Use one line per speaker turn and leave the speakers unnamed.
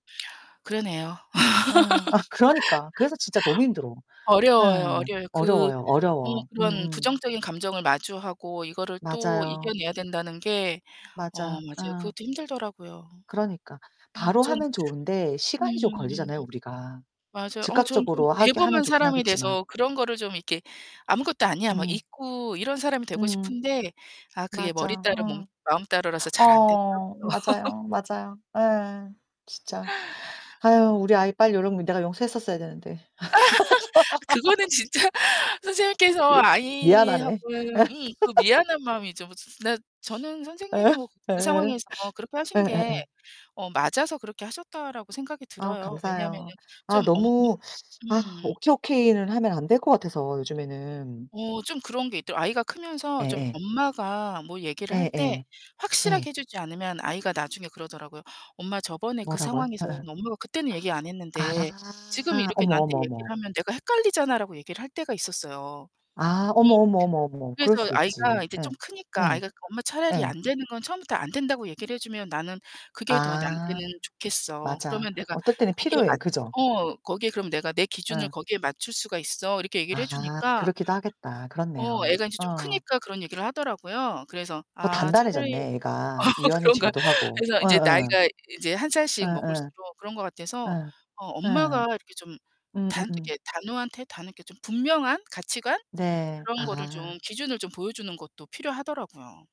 그러네요.
예. 아 그러니까. 그래서 진짜 너무 힘들어. 예.
어려워요, 어려워요. 그
어려워요,
어
어려워.
그런
음음.
부정적인 감정을 마주하고 이거를 또
맞아요.
이겨내야 된다는 게 어,
맞아.
맞아요.
음.
그것도 힘들더라고요.
그러니까.
음,
바로
전
하면 좋은데
음.
시간이 좀 걸리잖아요 우리가.
맞아요. 어 저는 좀
즉각적으로 하게 하면
대범한
좋긴
사람이
하겠지만.
돼서 그런 거를 좀 이렇게 '아무것도 아니야.' 막
음.
잊고 이런 사람이 되고
음음.
싶은데 아, 그게 머리
맞아,
따로 몸
어.
마음 따로라서 잘 안
어어어.
되더라고요.
맞아요, 맞아요. 예. 진짜. 아유 우리 아이 빨리 요런 거 내가 용서했었어야 되는데.
그거는 진짜 선생님께서
미 미안하네.
아이하고의 음, 그 미안한 마음이죠. 뭐 지 지 지나 저는
예.
선생님이 뭐 그
예예.
상황에서 그렇게 하신 게
예예예.
어 '맞아서 그렇게 하셨다.'라고 생각이
아
들어요. 왜냐면은
감사해요. 아
좀 엄
너무 아
음.
오케이, 오케이는 하면 안될 것 같아서 요즘에는.
어. 좀 그런 게 있더라고 아이가 크면서 좀
예예.
엄마가 뭐 얘기를 할 때
예예. 예.
확실하게 해 주지 않으면 아이가 나중에 그러더라고요. "엄마, 저번에 그
뭐라고요?
상황에서는
예예.
엄마가 그때는 얘기 안 했는데 지금은
아.
이렇게
어머,
나한테
어머,
얘기를
어머.
하면 내가 헷갈리잖아."라고 얘기를 할 때가 있었어요.
아
음.
어머, 어머, 어머, 어머. 그럴
그래서
수 있지.
아이가 이제
예.
좀 크니까
예.
아이가 "엄마, 차라리
예.
안 되는 건 처음부터 안 된다고 얘기를 해 주면 나는 그게 더
아.
나한테는 좋겠어.
맞아.
그러면 내가
어떨 때는
거기에
필요해.
맞
그죠?
어, 거기에 그럼 내가 내 기준을
예.
거기에 맞출 수가 있어." 이렇게 얘기를 해
아
주니까
그렇기도 하겠다.
어
그렇네요.
애가 인제 좀
어.
크니까 그런 얘기를 하더라고요. 그래서
더
아 차라리
단단해졌네,
어
애가.
그런가.
유연해지기도 하고.
그래서 인제
예예.
나이가 이제 1 살씩
예예.
먹을수록 그런 것 같아서
예.
어
예.
엄마가 이렇게 좀 단
음음음.
이렇게 단호한 태 다 이렇게 좀 분명한 가치관?
네.
그런 거를
아.
좀 기준을 좀 보여주는 것도 필요하더라고요.